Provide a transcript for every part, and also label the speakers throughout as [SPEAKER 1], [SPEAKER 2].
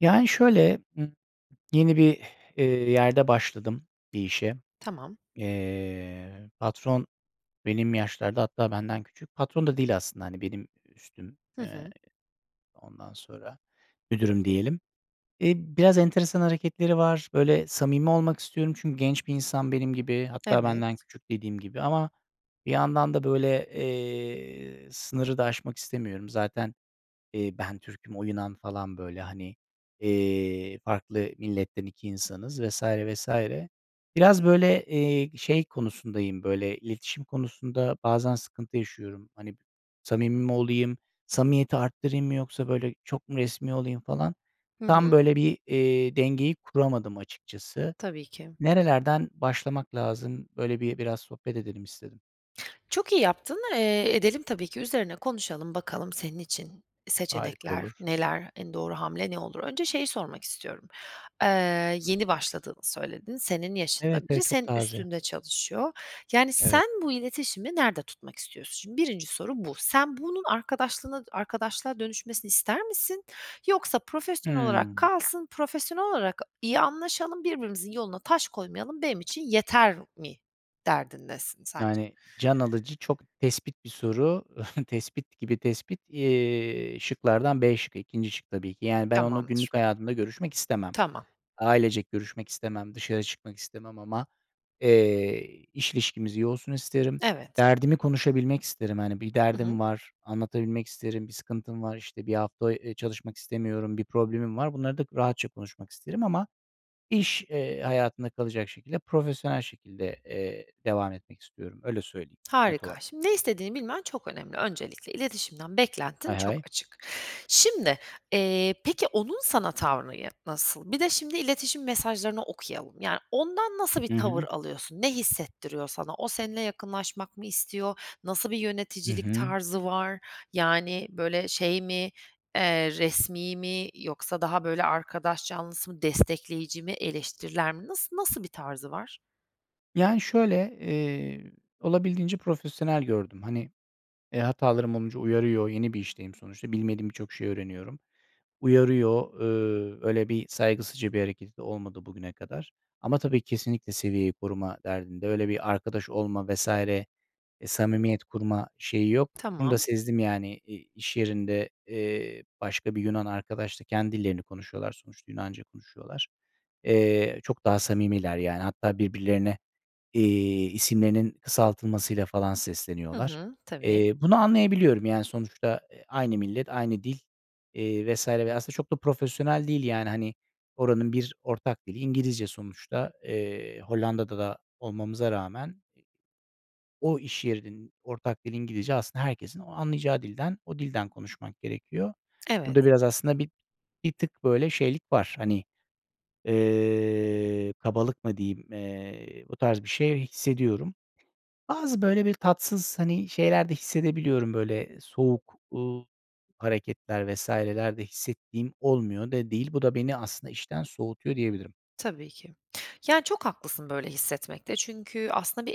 [SPEAKER 1] Yani, şöyle, yeni bir, eee, yerde başladım bir işe.
[SPEAKER 2] Tamam.
[SPEAKER 1] Eee, patron benim yaşlarda, hatta benden küçük. Patron da değil aslında, hani, benim ü üstüm.
[SPEAKER 2] Hı
[SPEAKER 1] Eee,
[SPEAKER 2] hı.
[SPEAKER 1] ondan sonra, müdürüm diyelim. Eee, biraz enteresan hareketleri var. Böyle samimi olmak istiyorum çünkü genç bir insan benim gibi. Hatta benden
[SPEAKER 2] Evet.
[SPEAKER 1] küçük dediğim gibi ama bir yandan da böyle, eee, sınırı da aşmak istemiyorum. Zaten, eee, ben Türk'üm, o Yunan falan böyle, hani, eee, farklı milletten 2 insanız vs. vs. Biraz, böyle, eee, şey konusundayım, böyle, iletişim konusunda bazen sıkıntı yaşıyorum. Hani, samimi mi olayım, samimiyeti arttırayım mı yoksa, böyle, çok mu resmî olayım falan.
[SPEAKER 2] Hı
[SPEAKER 1] Tam
[SPEAKER 2] hı.
[SPEAKER 1] böyle bir, eee, dengeyi kuramadım açıkçası.
[SPEAKER 2] Tabii ki.
[SPEAKER 1] Nerelerden başlamak lazım, böyle, bi biraz sohbet edelim istedim.
[SPEAKER 2] Çok iyi yaptın. Eee, edelim tabii ki üzerine konuşalım, bakalım senin için
[SPEAKER 1] Harika
[SPEAKER 2] seçenekler
[SPEAKER 1] olur.
[SPEAKER 2] neler, en doğru hamle ne olur? Önce şeyi sormak istiyorum; eee, yeni başladığını söyledin, senin
[SPEAKER 1] Evet,
[SPEAKER 2] yaşında
[SPEAKER 1] evet,
[SPEAKER 2] biri
[SPEAKER 1] çok
[SPEAKER 2] senin
[SPEAKER 1] taze.
[SPEAKER 2] üstünde çalışıyor. Yani,
[SPEAKER 1] Evet.
[SPEAKER 2] sen bu iletişimi nerede tutmak istiyorsun? Şimdi 1'inci soru bu. Sen, bunun arkadaşlığına d arkadaşlığa dönüşmesini ister misin yoksa profesyonel olarak
[SPEAKER 1] Hıı.
[SPEAKER 2] kalsın, profesyonel olarak iyi anlaşalım, birbirimizin yoluna taş koymayalım benim için yeter mi derdindesin sence?
[SPEAKER 1] Yani, can alıcı, çok tespit bir soru. Tespit gibi tespit. Eee, şıklardan B şıkkı, 2'nci şık tabii ki. Yani ben, onunla
[SPEAKER 2] Tamamdır.
[SPEAKER 1] günlük hayatımda görüşmek istemem.
[SPEAKER 2] Tamam.
[SPEAKER 1] Ailecek görüşmek istemem, dışarı çıkmak istemem ama, eee, iş ilişkimiz iyi olsun isterim.
[SPEAKER 2] Evet.
[SPEAKER 1] Derdimi konuşabilmek isterim. Hani, bir
[SPEAKER 2] Hı
[SPEAKER 1] derdim
[SPEAKER 2] hı.
[SPEAKER 1] var, anlatabilmek isterim; bir sıkıntım var, işte, 1 hafta, eee, çalışmak istemiyorum; bir problemim var, bunları da rahatça konuşmak isterim ama iş, eee, hayatında kalacak şekilde, profesyonel şekilde, eee, devam etmek istiyorum. Öyle söyleyeyim net
[SPEAKER 2] Harika.
[SPEAKER 1] olarak.
[SPEAKER 2] Şimdi ne istediğini bilmen çok önemli. Öncelikle iletişimden
[SPEAKER 1] Hay
[SPEAKER 2] beklentin çok
[SPEAKER 1] hay.
[SPEAKER 2] açık. Şimdi, eee, peki onun sana tavrı ya nasıl? Bir de şimdi iletişim mesajlarını okuyalım, yani, ondan nasıl bir
[SPEAKER 1] Hı
[SPEAKER 2] tavır
[SPEAKER 1] hı.
[SPEAKER 2] alıyorsun? Ne hissettiriyor sana? O, seninle yakınlaşmak mı istiyor? Nasıl bir
[SPEAKER 1] Hı
[SPEAKER 2] yöneticilik
[SPEAKER 1] hı.
[SPEAKER 2] tarzı var? Yani, böyle şey mi, eee, resmî mi yoksa daha böyle arkadaş canlısı mı, destekleyici mi, eleştirel mi? Nası nasıl bir tarzı var?
[SPEAKER 1] Yani, şöyle, eee, olabildiğince profesyonel gördüm. Hani, eee, hatalarım olunca uyarıyor, yeni bir işteyim sonuçta, bilmediğim birçok şeyi öğreniyorum. Uyarıyor. Eee, öyle bir saygısızca bir hareketi de olmadı bugüne kadar. Ama tabii kesinlikle seviyeyi koruma derdinde. Öyle bir arkadaş olma vs. eee, samimiyet kurma şeyi yok, bunu da
[SPEAKER 2] Tamam.
[SPEAKER 1] sezdim yani. İ iş yerinde, eee, başka bir Yunan arkadaşla kendi dillerini konuşuyorlar, sonuçta Yunanca konuşuyorlar. Eee, çok daha samimiler, yani, hatta birbirlerine, eee, isimlerinin kısaltılmasıyla falan
[SPEAKER 2] Hı
[SPEAKER 1] sesleniyorlar.
[SPEAKER 2] hı, tabii.
[SPEAKER 1] Eee, bunu anlayabiliyorum, yani, sonuçta, eee, aynı millet, aynı dil, eee, vs. ve aslında çok da profesyonel değil, yani, hani, oranın bir ortak dili İngilizce sonuçta. Eee, Hollanda'da da olmamıza rağmen o iş yerinin ortak dili İngilizce, aslında herkesin o anlayacağı dilden, o dilden konuşmak gerekiyor. Burada
[SPEAKER 2] Evet.
[SPEAKER 1] biraz aslında bi bir tık böyle şeylik var. Hani, eee, kabalık mı diyeyim? Eee, o tarz bir şey hissediyorum. Bazı böyle bir tatsız, hani, şeyler de hissedebiliyorum böyle soğuk, ııı, hareketler vs.ler de hissettiğim olmuyor da değil. Bu da beni aslında işten soğutuyor diyebilirim.
[SPEAKER 2] Tabii ki. Ya, çok haklısın böyle hissetmekte çünkü aslında bir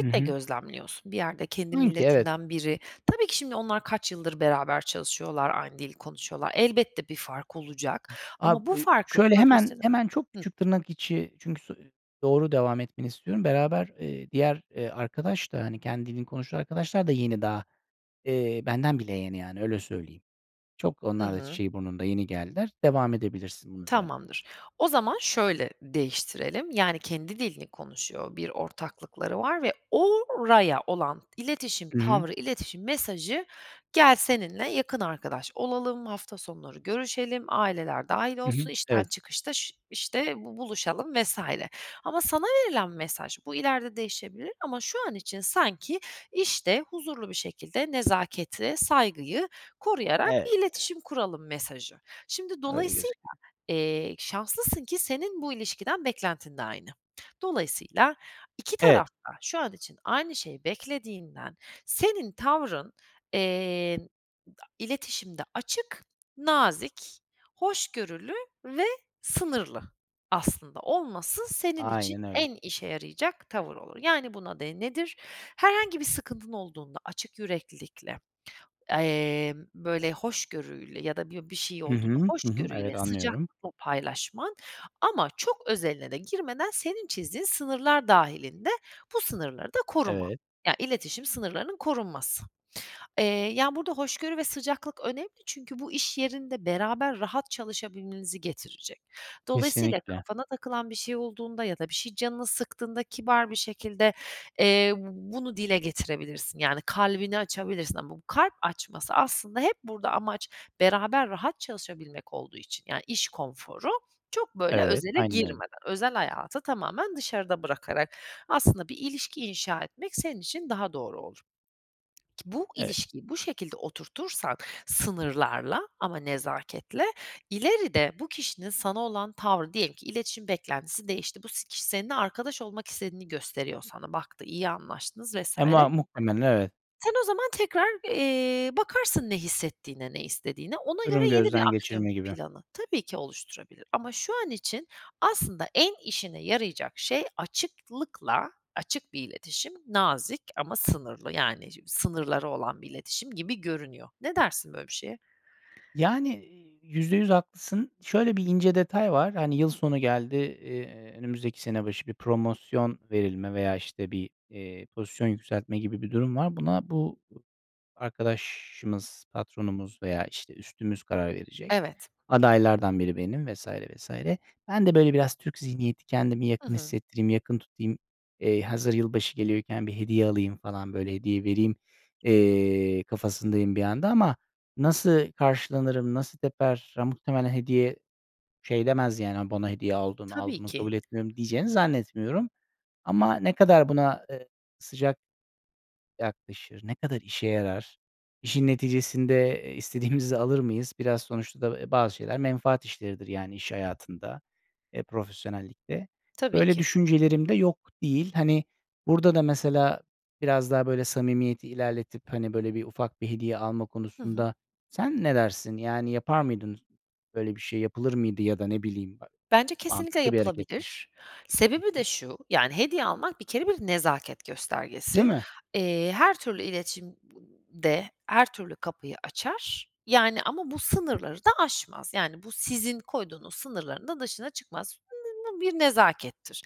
[SPEAKER 1] Hı
[SPEAKER 2] de
[SPEAKER 1] hı.
[SPEAKER 2] gözlemliyorsun bir yerde, kendi
[SPEAKER 1] Sanki, evet.
[SPEAKER 2] milletinden biri. Tabii ki, şimdi onlar kaç yıldır beraber çalışıyorlar, aynı dili konuşuyorlar. Elbette bir fark olacak
[SPEAKER 1] Ab
[SPEAKER 2] ama bu
[SPEAKER 1] ııı,
[SPEAKER 2] farkı
[SPEAKER 1] şöyle, hemen
[SPEAKER 2] profesyone
[SPEAKER 1] hemen çok
[SPEAKER 2] Hıh.
[SPEAKER 1] küçük tırnak içi çünkü so doğru devam etmeni istiyorum. Beraber, eee, diğer, eee, arkadaş da, hani, kendi dilini konuşan arkadaşlar da yeni daha, eee, benden bile yeni, yani, öyle söyleyeyim. Çok
[SPEAKER 2] Hı
[SPEAKER 1] onlar da
[SPEAKER 2] hı.
[SPEAKER 1] çiçeği burnunda, yeni geldiler. Devam edebilirsin, bunun üzerine.
[SPEAKER 2] Tamamdır. O zaman şöyle değiştirelim, yani, kendi dilini konuşuyor, bir ortaklıkları var ve oraya olan iletişim
[SPEAKER 1] Hı hı.
[SPEAKER 2] tavrı, iletişim mesajı, gel, seninle yakın arkadaş olalım, hafta sonları görüşelim, aileler dâhil
[SPEAKER 1] Hı hı.
[SPEAKER 2] olsun, işten
[SPEAKER 1] Evet.
[SPEAKER 2] çıkışta ş işte bu buluşalım, vs. ama sana verilen mesaj, bu ileride değişebilir ama şu an için sanki işte huzurlu bir şekilde nezaketi, saygıyı koruyarak
[SPEAKER 1] Evet.
[SPEAKER 2] bir iletişim kuralım mesajı. Şimdi,
[SPEAKER 1] Öyle
[SPEAKER 2] dolayısıyla,
[SPEAKER 1] gözüküyor.
[SPEAKER 2] eee, şanslısın ki senin bu ilişkiden beklentin de aynı. Dolayısıyla 2
[SPEAKER 1] Evet.
[SPEAKER 2] taraf da şu an için aynı şeyi beklediğinden senin tavrın, eee, a iletişimde açık, nazik, hoşgörülü ve sınırlı aslında olması senin için
[SPEAKER 1] Aynen öyle.
[SPEAKER 2] en işe yarayacak tavır olur. Yani, buna de nedir? Herhangi bir sıkıntın olduğunda açık yüreklilikle, emm, böyle, hoşgörüyle ya da bir bir şey
[SPEAKER 1] Hı
[SPEAKER 2] olduğunda
[SPEAKER 1] hı, hı hı.
[SPEAKER 2] hoşgörüyle,
[SPEAKER 1] Evet, anlıyorum.
[SPEAKER 2] sıcaklıkla paylaşman ama çok özeline de girmeden, senin çizdiğin sınırlar dâhilinde bu sınırları da koruman
[SPEAKER 1] Evet.
[SPEAKER 2] ya iletişim sınırlarının korunması, eee, yani, burada hoşgörü ve sıcaklık önemli çünkü bu iş yerinde beraber rahat çalışabilmenizi getirecek. Dolayısıyla
[SPEAKER 1] Kesinlikle.
[SPEAKER 2] kafana takılan bir şey olduğunda ya da bir şey canını sıktığında kibar bir şekilde, eee, b bunu dile getirebilirsin, yani, kalbini açabilirsin ama bu kalp açması aslında hep burada amaç beraber rahat çalışabilmek olduğu için, yani, iş konforu. Çok, böyle,
[SPEAKER 1] Evet,
[SPEAKER 2] özele
[SPEAKER 1] aynen öyle.
[SPEAKER 2] girmeden, özel hayatı tamamen dışarıda bırakarak aslında bir ilişki inşa etmek senin için daha doğru olur. Bu
[SPEAKER 1] Evet.
[SPEAKER 2] ilişkiyi bu şekilde oturtursak sınırlarla ama nezaketle, ileride bu kişinin sana olan tavrı, diyelim ki iletişim beklentisi değişti, bu si kişi seninle arkadaş olmak istediğini gösteriyor sana, baktı, iyi anlaştınız vs.
[SPEAKER 1] E, mua muhtemelen, evet.
[SPEAKER 2] sen o zaman tekrar, eee, bakarsın ne hissettiğine, ne istediğine. Ona
[SPEAKER 1] Durum
[SPEAKER 2] göre yeni bir
[SPEAKER 1] gözden
[SPEAKER 2] aksiyon
[SPEAKER 1] geçirme gibi.
[SPEAKER 2] planı tabii ki oluşturabilir ama şu an için aslında en işine yarayacak şey açıklıkla açık bir iletişim, nazik ama sınırlı, yani, sınırları olan bir iletişim gibi görünüyor. Ne dersin böyle bir şeye?
[SPEAKER 1] Yani, eee, %100 haklısın. Şöyle bir ince detay var. Hani, yıl sonu geldi, eee, önümüzdeki sene başı bir promosyon verilme veya işte bir, eee, pozisyon yükseltme gibi bir durum var. Buna bu arkadaşımız, patronumuz veya, işte, üstümüz karar verecek.
[SPEAKER 2] Evet.
[SPEAKER 1] Adaylardan biri benim vs. vs. Ben de, böyle, biraz Türk zihniyeti, kendimi
[SPEAKER 2] Hı
[SPEAKER 1] yakın
[SPEAKER 2] hı.
[SPEAKER 1] hissettireyim, yakın tutayım. Eee, hazır yılbaşı geliyorken bir hediye alayım falan, böyle, hediye vereyim, eee, kafasındayım bir yanda ama nasıl karşılanırım, nasıl teper? Ya, muhtemelen hediye şey demez yani, “A, bana hediye aldın, al
[SPEAKER 2] Tabii
[SPEAKER 1] bunu,
[SPEAKER 2] ki.
[SPEAKER 1] kabul etmiyorum,” diyeceğini zannetmiyorum. Ama ne kadar buna, eee, sıcak yaklaşır, ne kadar işe yarar, işin neticesinde, eee, istediğimizi alır mıyız? Biraz sonuçta da, eee, bazı şeyler menfaat işleridir yani iş hayatında, eee, profesyonellikte.
[SPEAKER 2] Tabii
[SPEAKER 1] Böyle
[SPEAKER 2] ki.
[SPEAKER 1] düşüncelerim de yok değil. Hani, burada da mesela biraz daha, böyle, samimiyeti ilerletip, hani, böyle, bir ufak bir hediye alma
[SPEAKER 2] Hı hı.
[SPEAKER 1] konusunda sen ne dersin? Yani, yapar mıydın böyle bir şey, yapılır mıydı ya da ne bileyim ba
[SPEAKER 2] Bence kesinlikle
[SPEAKER 1] mantıklı bir hareket mi?
[SPEAKER 2] yapılabilir.
[SPEAKER 1] Hı
[SPEAKER 2] Sebebi
[SPEAKER 1] hı.
[SPEAKER 2] de şu, yani, hediye almak bir kere bir nezaket
[SPEAKER 1] Değil
[SPEAKER 2] göstergesi.
[SPEAKER 1] mi?
[SPEAKER 2] Eee, her türlü iletişimde her türlü kapıyı açar, yani, ama bu sınırları da aşmaz, yani, bu sizin koyduğunuz sınırların da dışına çıkmaz. Bu bir nezakettir.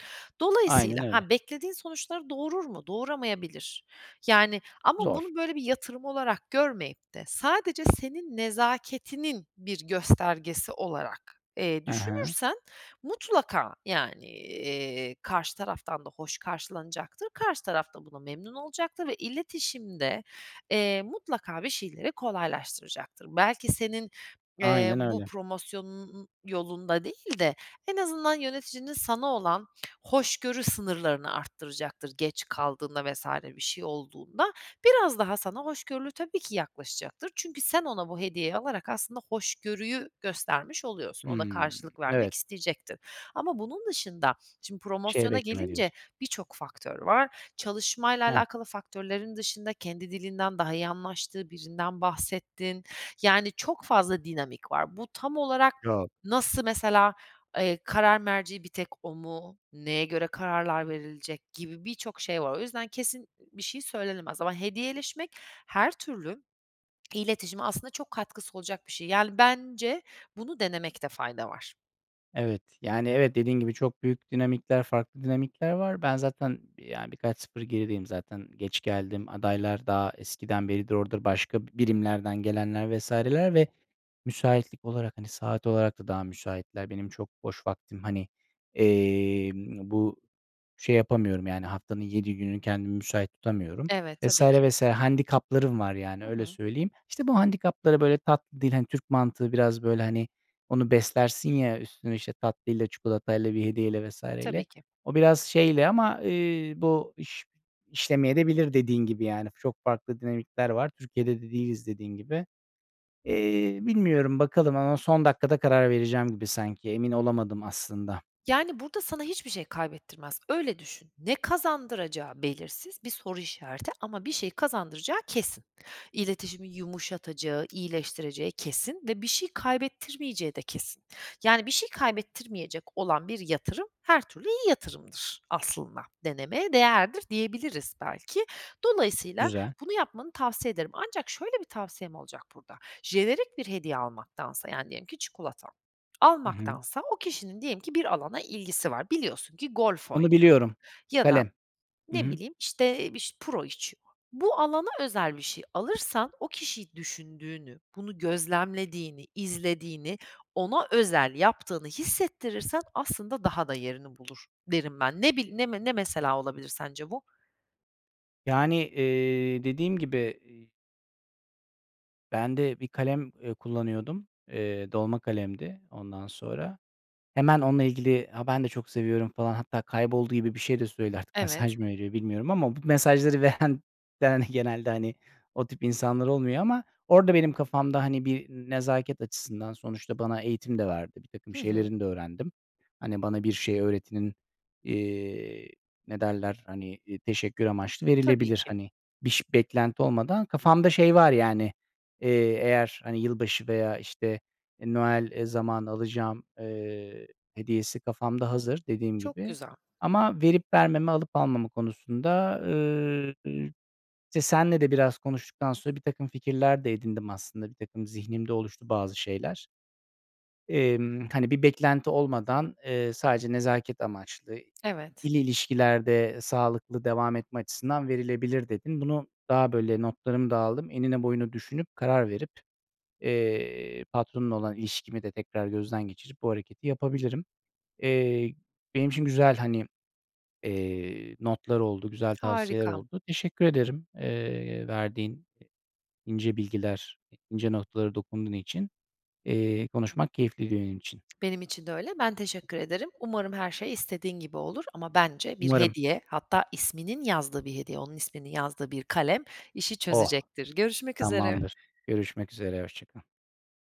[SPEAKER 1] Aynen
[SPEAKER 2] Dolayısıyla,
[SPEAKER 1] öyle.
[SPEAKER 2] ha, beklediğin sonuçları doğurur mu? Doğuramayabilir, yani, ama
[SPEAKER 1] Zor.
[SPEAKER 2] bunu, böyle, bir yatırım olarak görmeyip de sadece senin nezaketinin bir göstergesi olarak, eee,
[SPEAKER 1] He he.
[SPEAKER 2] düşünürsen mutlaka, yani, eee, karşı taraftan da hoş karşılanacaktır, karşı taraf da buna memnun olacaktır ve iletişimde, eee, mutlaka bir şeyleri kolaylaştıracaktır. Belki senin, eee,
[SPEAKER 1] Aynen
[SPEAKER 2] bu
[SPEAKER 1] öyle.
[SPEAKER 2] promosyonunun yolunda değil de en azından yöneticinin sana olan hoşgörü sınırlarını arttıracaktır, geç kaldığında vs. bir şey olduğunda. Biraz daha sana hoşgörülü tabii ki yaklaşacaktır. Çünkü sen ona bu hediyeyi alarak aslında hoşgörüyü göstermiş oluyorsun. O da
[SPEAKER 1] Hımm,
[SPEAKER 2] karşılık vermek
[SPEAKER 1] evet.
[SPEAKER 2] isteyecektir ama bunun dışında şimdi
[SPEAKER 1] Bir şey
[SPEAKER 2] promosyona
[SPEAKER 1] bekleme,
[SPEAKER 2] gelince
[SPEAKER 1] diyorsun.
[SPEAKER 2] birçok faktör var. Çalışmayla
[SPEAKER 1] Hah.
[SPEAKER 2] alakalı faktörlerin dışında kendi dilinden daha iyi anlaştığı birinden bahsettin, yani, çok fazla dinamik var. Bu tam olarak
[SPEAKER 1] Yok.
[SPEAKER 2] nasıl mesela, eee, karar merci bir tek o mu, neye göre kararlar verilecek gibi birçok şey var. O yüzden kesin b bir şey söylenemez ama hediyeleşmek her türlü iletişime aslında çok katkısı olacak bir şey, yani. Bence bunu denemekte fayda var.
[SPEAKER 1] Evet. Yani, evet, dediğin gibi, çok büyük dinamikler, farklı dinamikler var. Ben zaten bir, yani, birkaç 0 gerideyim zaten geç geldim, adaylar daha eskiden beridir orada, başka birimlerden gelenler vs.ler ve müsaitlik olarak, hani, saat olarak da daha müsaitler. Benim çok boş vaktim, hani, emm, bu şey yapamıyorum, yani, haftanın 7 günü kendimi müsait tutamıyorum
[SPEAKER 2] Evet,
[SPEAKER 1] vs.
[SPEAKER 2] tabii ki.
[SPEAKER 1] vs. Handikaplarım var, yani,
[SPEAKER 2] Hı
[SPEAKER 1] öyle
[SPEAKER 2] hı.
[SPEAKER 1] söyleyeyim. İşte, bu handikapları, böyle, tatlı dil, hani, Türk mantığı biraz, böyle, hani, onu beslersin ya, üstüne, işte, tatlıyla, çikolatayla, bir hediyeyle vs.
[SPEAKER 2] Tabii
[SPEAKER 1] ile.
[SPEAKER 2] ki.
[SPEAKER 1] O biraz şeyle ama, eee, bu iş işlemeyebilir de dediğin gibi, yani. Çok farklı dinamikler var. Türkiye'de de değiliz, dediğin gibi. Eee, bilmiyorum, bakalım ama son dakikada karar vereceğim gibi sanki. Emin olamadım aslında.
[SPEAKER 2] Yani, burada sana hiçbir şey kaybettirmez. Öyle düşün. Ne kazandıracağı belirsiz bir soru işareti ama bir şey kazandıracağı kesin. İletişimi yumuşatacağı, iyileştireceği kesin ve bir şey kaybettirmeyeceği de kesin. Yani, bir şey kaybettirmeyecek olan bir yatırım, her türlü iyi yatırımdır aslında, denemeye değerdir diyebiliriz belki. Dolayısıyla
[SPEAKER 1] Güzel.
[SPEAKER 2] bunu yapmanı tavsiye ederim. Ancak şöyle bir tavsiyem olacak burada, jenerik bir hediye almaktansa, yani, diyelim ki çikolata
[SPEAKER 1] I hı.
[SPEAKER 2] almaktansa, o kişinin diyelim ki bir alana ilgisi var. Biliyorsun ki golf
[SPEAKER 1] Onu
[SPEAKER 2] oynuyor
[SPEAKER 1] biliyorum.
[SPEAKER 2] ya da
[SPEAKER 1] Kalem. Hı
[SPEAKER 2] ne
[SPEAKER 1] hı.
[SPEAKER 2] bileyim, işte, biş puro içiyor. Bu alana özel bir şey alırsan, o kişiyi düşündüğünü, bunu gözlemlediğini, izlediğini, ona özel yaptığını hissettirirsen aslında daha da yerini bulur derim ben. Ne bil ne me ne mesela olabilir sence bu?
[SPEAKER 1] Yani, eee, dediğim gibi, iii ben de bir kalem, eee, kullanıyordum. Eee, dolma kalemdi, ondan sonra. Hemen onunla ilgili, "Ha, ben de çok seviyorum," falan, hatta kayboldu gibi bir şey de söyledi artık mesaj
[SPEAKER 2] Evet.
[SPEAKER 1] mı veriyor bilmiyorum ama bu mesajları veren veren genelde, hani, o tip insanlar olmuyor ama orada benim kafamda, hani, bir nezaket açısından sonuçta bana eğitim de verdi. Birtakım
[SPEAKER 2] Hı hı.
[SPEAKER 1] şeylerini de öğrendim. Hani, bana bir şey öğretenin, eee, ne derler, hani, teşekkür amaçlı
[SPEAKER 2] Tabii
[SPEAKER 1] verilebilir.
[SPEAKER 2] ki.
[SPEAKER 1] Hani, biş beklenti olmadan kafamda şey var, yani, eee, eğer, hani, yılbaşı veya, işte, e, Noel zamanı alacağım, eee, hediyesi kafamda hazır dediğim
[SPEAKER 2] Çok
[SPEAKER 1] gibi.
[SPEAKER 2] güzel.
[SPEAKER 1] Ama verip vermeme, alıp almama konusunda, eee, işte, seninle de biraz konuştuktan sonra birtakım fikirler de edindim, aslında, birtakım zihnimde oluştu bazı şeyler. Emm, hani, bir beklenti olmadan, eee, sadece nezaket amaçlı,
[SPEAKER 2] Evet.
[SPEAKER 1] 2'li ilişkilerde sağlıklı devam etme açısından verilebilir dedin. Bunu daha, böyle, notlarımı da aldım, enine boyuna düşünüp, karar verip, eee, patronla olan ilişkimi de tekrar gözden geçirip bu hareketi yapabilirim. Eee, benim için güzel, hani, eee, notlar oldu, güzel tavsiyeler
[SPEAKER 2] Harika.
[SPEAKER 1] oldu. Teşekkür ederim, eee, verdiğin ince bilgiler, ince noktalara dokunduğun için. Eee, konuşmak keyifliydi benim için.
[SPEAKER 2] Benim için de öyle. Ben teşekkür ederim. Umarım her şey istediğin gibi olur ama, bence, bir
[SPEAKER 1] Umarım.
[SPEAKER 2] hediye, hatta isminin yazdığı bir hediye, onun isminin yazdığı bir kalem işi
[SPEAKER 1] Oh,
[SPEAKER 2] çözecektir. Görüşmek üzere.
[SPEAKER 1] tamamdır. Görüşmek üzere, hoşça kal.